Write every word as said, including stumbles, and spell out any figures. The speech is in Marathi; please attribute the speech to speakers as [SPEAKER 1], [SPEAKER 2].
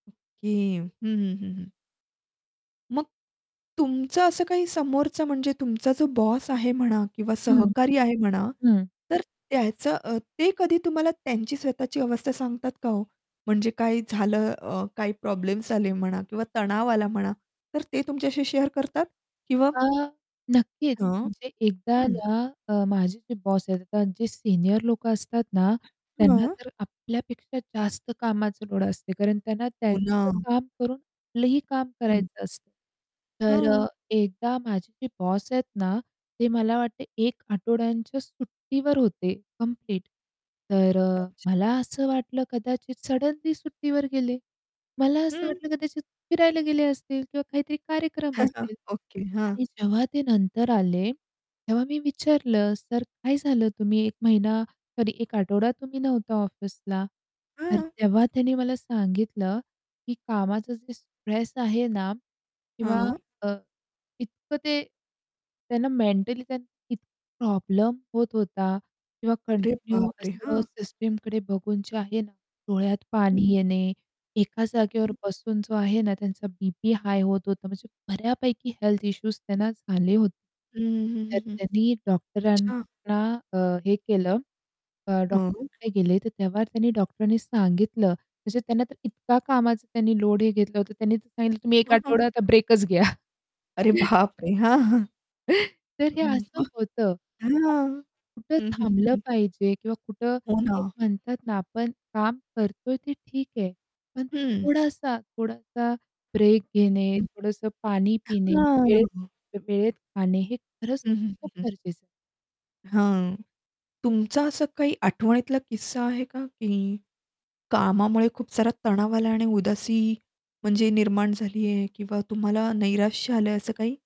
[SPEAKER 1] ओके हं, हं, हं, हं. मग तुमचं असं काही समोरचं म्हणजे तुमचा जो बॉस आहे म्हणा किंवा
[SPEAKER 2] हं,
[SPEAKER 1] सहकारी आहे म्हणा.
[SPEAKER 2] हं.
[SPEAKER 1] तर त्याचं अ, ते कधी तुम्हाला त्यांची स्वतःची अवस्था सांगतात का हो? म्हणजे काय झालं अ, काही प्रॉब्लेम्स आले म्हणा किंवा तणाव आला म्हणा तर ते तुमच्याशी शेअर करतात? किंवा
[SPEAKER 2] हां नक्कीच,
[SPEAKER 1] हां.
[SPEAKER 2] म्हणजे एकदा
[SPEAKER 1] हं.
[SPEAKER 2] ना अ, माझे जे बॉस आहेत त्यांचे जे सीनियर लोकं असतात ना त्यांना
[SPEAKER 1] [unintelligible]
[SPEAKER 2] तर आपल्यापेक्षा जास्त कामाचं लोड असते कारण त्यांना
[SPEAKER 1] हो
[SPEAKER 2] त्यांचं
[SPEAKER 1] ना.
[SPEAKER 2] काम करून आपलंही काम
[SPEAKER 1] हं.
[SPEAKER 2] करायचं असतं तर
[SPEAKER 1] हं.
[SPEAKER 2] अ, एकदा माझी जे बॉस आहेत ना ते मला वाटते एक आठवड्यांच्या सुट्टीवर होते कंप्लीट तर अ,
[SPEAKER 1] अच्छा.
[SPEAKER 2] मला असं वाटलं कदाचित सडनली सुट्टीवर गेले. मला असं
[SPEAKER 1] हं.
[SPEAKER 2] वाटलं कदाचित फिरायला गेले असतील किंवा काहीतरी कार्यक्रम
[SPEAKER 1] [unintelligible]
[SPEAKER 2] असतील
[SPEAKER 1] ओके. हां.
[SPEAKER 2] आणि जेव्हा ते नंतर आले, तेव्हा मी विचारलं, "सर काय झालं तुम्ही एक महिना सॉरी एक आठवडा तुम्ही नव्हता ऑफिसला." तर
[SPEAKER 1] हां.
[SPEAKER 2] तेव्हा त्यांनी मला सांगितलं, की कामाचं जे स्ट्रेस आहे ना किंवा
[SPEAKER 1] हां.
[SPEAKER 2] अ, इतकं ते त्यांना मेंटली त्यांना प्रॉब्लेम होत होता किंवा
[SPEAKER 1] अरे
[SPEAKER 2] कंटिन्यू
[SPEAKER 1] बाप रे!
[SPEAKER 2] असं
[SPEAKER 1] हां.
[SPEAKER 2] सिस्टमकडे बघून जे आहे ना डोळ्यात पाणी
[SPEAKER 1] हं.
[SPEAKER 2] येणे, एका जागेवर
[SPEAKER 1] हं.
[SPEAKER 2] बसून जो आहे ना, त्यांचा बीपी हाय होत होता, म्हणजे बऱ्यापैकी हेल्थ इश्यूज त्यांना झाले होते
[SPEAKER 1] हं, हं, हं,
[SPEAKER 2] तर
[SPEAKER 1] हं, हं, हं.
[SPEAKER 2] त्यांनी
[SPEAKER 1] अच्छा.
[SPEAKER 2] डॉक्टरांना अ, हे केलं अ,
[SPEAKER 1] हं.
[SPEAKER 2] डॉक्टरकडे गेले तर तेव्हा त्यांनी डॉक्टर नी सांगितलं म्हणजे त्यांना तर इतका कामाचा त्यांनी लोड हे घेतलं होतं त्यांनी सांगितलं तुम्ही एक
[SPEAKER 1] हं, हं.
[SPEAKER 2] आठवडा आता ब्रेकच घ्या.
[SPEAKER 1] अरे बाप रे हां.
[SPEAKER 2] तर हे असं
[SPEAKER 1] [unintelligible]
[SPEAKER 2] होतं.
[SPEAKER 1] हां,
[SPEAKER 2] कुठं
[SPEAKER 1] हं, हं,
[SPEAKER 2] थांबलं
[SPEAKER 1] हं.
[SPEAKER 2] पाहिजे किंवा कुठं
[SPEAKER 1] हो
[SPEAKER 2] ते
[SPEAKER 1] ना.
[SPEAKER 2] म्हणतात ना आपण काम करतोय ते ठीक आहे, पण
[SPEAKER 1] हं.
[SPEAKER 2] थोडासा, थोडासा ब्रेक घेणे,
[SPEAKER 1] हं.
[SPEAKER 2] थोडंसं पाणी पिणे, वेळ
[SPEAKER 1] हां.
[SPEAKER 2] वेळेत खाणे हे खरंच
[SPEAKER 1] हं, हं,
[SPEAKER 2] खूप
[SPEAKER 1] हं, हं.
[SPEAKER 2] गरजेचं आहे.
[SPEAKER 1] हां. तुमचा असं काही आठवणीतला किस्सा आहे का, की कामामुळे खूप सारा तणाव आला आहे आणि उदासी म्हणजे निर्माण झाली आहे किंवा तुम्हाला नैराश्य आलंय असं काही?